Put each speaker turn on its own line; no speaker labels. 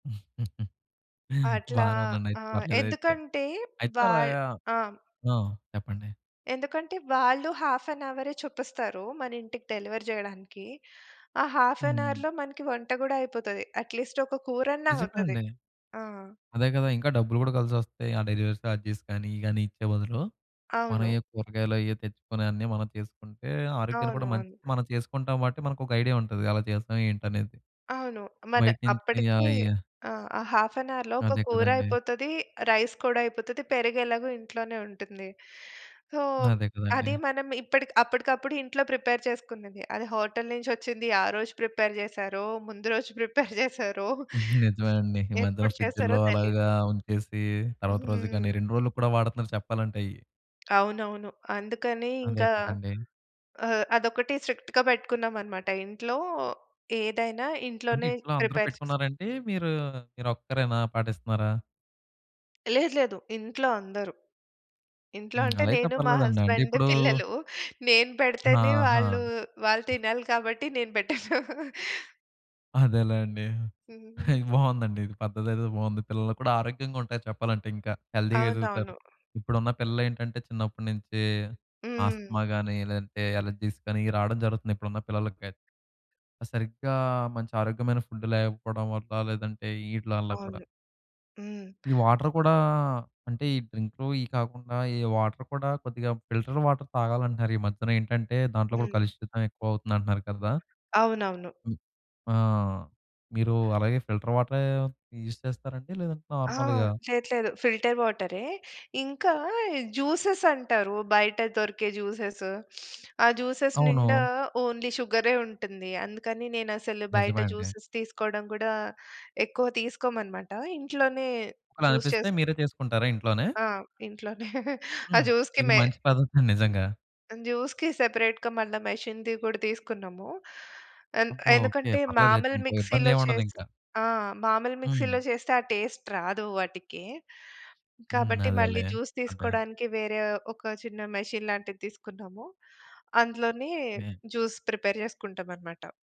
అట్లా,
బానే
ఆ!
ఉందండయిత్ పర్లేదయితే
ఎందుకంటే
అయితే
వాల్
అలాగా
ఆ!
ఆ! చెప్పండి.
ఎందుకంటే, వాళ్ళు హాఫ్ ఎన్ అవరే చూపిస్తారు. మనింటికి డెలివరీ జేయడానికి, ఆ హాఫ్ ఎన్
హ్మ్.
అవర్‌లో మనకు వంట గూడా అయిపోతాది. అట్‌లీస్ట్ ఒక కూరన్నా
నిజమే
అవుతది.
అండి.
ఆ!
అదే కదా! ఇంకా డబ్బులు కూడా కలిసొస్తాయి. ఆ డెలివరీ సార్జెస్ కానీ ఇయి గాని ఇచ్చే బదులు, మనం
అవును.
ఏయో కూరగాయలేయో తెచ్చుకొని, అన్నీ మనం చేసుకుంటే ఆరోగ్యానికి
అవును.
కూడా మంచిది.
అవును.
మనం చేసుకుంటాం గాబట్టి, మనకొక ఐడియా ఉంటది. ఎలా చేస్తాం, ఏంటనేది.
అవును. మన్
బయట నుంచి
అప్పటికి
ఆహ్, అయ్యి
ఆ! హాఫ్ ఎన్ అవర్‌లో ఒక
అదే
కూర
కదండీ.
అయిపోతది. రైస్ కూడా అయిపోతది. పెరుగెలాగో ఇంట్లోనే ఉంటుంది. సో,
అదే కదండీ.
అది మనం ఇప్పడిక్ అప్పటికప్పుడు ఇంట్లో ప్రిపేర్ చేసుకున్నది. అది హోటలు నుంచొచ్చింది, ఆ రోజు ప్రిపేర్ జేశారో! ముందు రోజు ప్రిపేర్ జేసారో!
నిజమే అండి. ఈ మధ్యన,
ఎప్పుడు చేసారో
ఫ్రిడ్జ్‌ల్లో
తెలీదు.
అలాగా ఉంచేసి తర్వాత రోజుకి గానీ,
హ్మ్.
2 రోలుకి కూడా వాడుతున్నారు చెప్పాలంటే అయ్యి.
అవునవును. అందుకని
అదే
ఇంకా
కదండీ.
ఆహ్, అదొకటి స్ట్రిక్ట్‌గా పెట్టుకున్నామనమాట. ఇంట్లో ఏదైనా
అంటే,
ఇంట్లోనే
ఇంట్లో అందరూ
ప్రిపేర్ చేసుకు
పెట్టుకున్నారంటే మీరూ మీరొక్కరేనా, పాటిస్తున్నారా?
లేదు, లేదు. ఇంట్లో అందరూ, ఇంట్లో
హ్మ్.
అంటే
అలా అయితే
నేను మా
పర్లేదండి. అంటే
హస్బండు,
ఇప్పుడూ
పిల్లలూ నేను పెడితేనే
ఆహా!
వాళ్ళు, వాళ్ళు తినాలి కాబట్టి నేను పెట్టను.
అదేలేండి,
హ్మ్.
బావుందండి. ఇది పద్ధతేదో బాగుంది. పిల్లలు కూడా ఆరోగ్యంగా ఉంటారు చెప్పాలంటే, ఇంకా హెల్దీగా ఎదుగుతారు.
అవునవును.
ఇప్పుడున్న పిల్లలేంటంటే, చిన్నప్పుడి నుంచి
హ్మ్.
ఆస్తమా గాని లేదంటే, అలెర్జీస్ గాని ఇయి రావడం జరుగుతుంది. ఇప్పుడున్న పిల్లలకయిత్ సరిగ్గా మంచి ఆరోగ్యమైన ఫుడ్డు లేకపోడం వల్ల, లేదంటే ఈటిల వల్ల కూడా.
అవును. హ్మ్.
ఈ వాటరు కూడా అంటే, ఈ డ్రింక్‌లు ఇయి కాకుండా ఈ వాటరు కూడా కొద్దిగా ఫిల్టర్ వాటర్ తాగాలంటున్నారు. ఈ మధ్యనేంటంటే, దాంట్లో కూడా
హ్మ్.
కలుషితం ఎక్కువవుతుంది అంటున్నారు కదా!
అవునవును.
హ్మ్. ఆ! మీరు అలాగే ఫిల్టర్ వాటరే, యూజ్ చేస్తారండి? లేదంటే
ఆ!
నార్మల్‌గా?
లేదు, లేదు. ఫిల్టర్ వాటరే. ఇంకా జ్యూసెసంటారు. బయట దొరికే జ్యూసెస్ ఆ జ్యూసెస్ నిండా
అవును.
ఓన్లీ షుగరే ఉంటుంది. అందుకని, నేనసలు బయట
నిజమే అండి.
జ్యూసెస్ తీసుకోడం గూడా ఎక్కువ తీసుకోమనమాట. ఇంట్లోనే
ఒకలా
జ్యూస్
అనిపిస్తే,
చేసు
మీరే చేసుకుంటారా ఇంట్లోనే?
ఆ ఇంట్లోనే ఆ
హ్మ్.
జ్యూస్‌కి
ఇది
మెయిన్
మంచి పద్ధతండి నిజంగా.
జ్యూస్‌కి సెపరేట్‌గా మళ్ళా మెషిన్‌ది కూడా తీసుకున్నాము. ఎంద్
అబ్బో! ఓకే.
ఎందుకంటే,
పర్లేదయితే
మామూలు
ఇంక
మిక్సీలో
ఇబ్బందేమి ఉండదు
చేసి
ఇంకా.
ఆ! మామూలు మిక్సీలో
హ్మ్.
చేస్తే, ఆ టేస్ట్ రాదు వాటికి.
హ్మ్.
కాబట్టి, మళ్ళీ
అదేలే,
జ్యూస్
అదే!
తీసుకోడానికి వేరే ఒక చిన్న మెషీన్ లాంటిది తీసుకున్నాము. అందులోనే
ఏ
జ్యూస్ ప్రిపేర్ జేసుకుంటామనమాట.